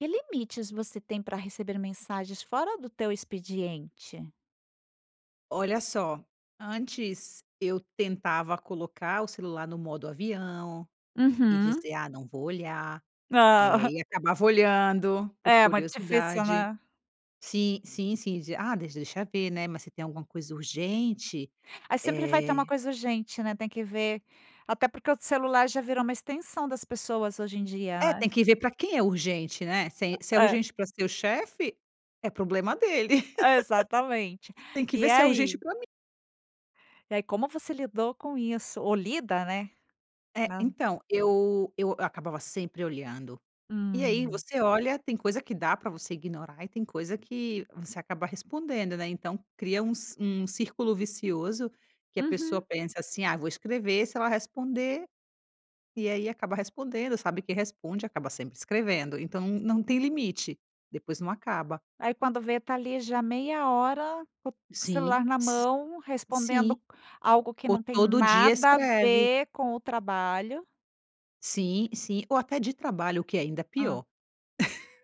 Que limites você tem pra receber mensagens fora do teu expediente? Olha só! Antes, eu tentava colocar o celular no modo avião e Uhum. dizer: "Ah, não vou olhar", eh, Ah! e acabava olhando, por É, muito difícil curiosidade. né. Sim sim sim, ah, deixa eu ver, né, mas você tem alguma coisa urgente. Aí sempre vai ter uma Eh coisa urgente, né, tem que ver, até porque o celular já virou uma extensão das pessoas, hoje em dia, É, né. tem que ver pra quem é urgente, né. Se é se é É. urgente pra o seu chefe, é problema dele. Exatamente. Tem que ver E se é urgente ai? pra mim. E, como você lidou com isso? Ou lida, né. É, Não. então, eu eu acabava sempre olhando, e aí Hum. você olha, tem coisa que dá pra você ignorar e tem coisa que você acaba respondendo, né. Então, cria um ci um círculo vicioso que a pessoa Uhum. pensa assim: "Ah, vou escrever se ela responder", e aí acaba respondendo, sabe que responde, acaba sempre escrevendo. Então, não tem limite, depois não acaba. Aí, quando vê, está ali já meia hora com o Sim, celular na si mão, respondendo sim. algo que Ou não tem todo dia nada a escreve. ver com o trabalho. Sim, sim. Ou até de trabalho, que é ainda Hum. pior.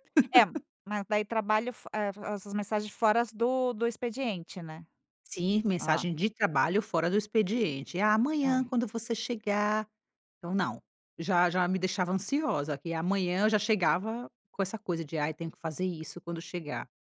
É, mas daí trabalho fo é essas mensagens foras do do expediente, né. Sim, Hã. mensagem de trabalho fora do expediente. Amanhã, Ai. quando você chegar! Então não! Já já me deixava ansiosa que, amanhã, eu já chegava com essa coisa de, ai, tenho que fazer isso quando chegar.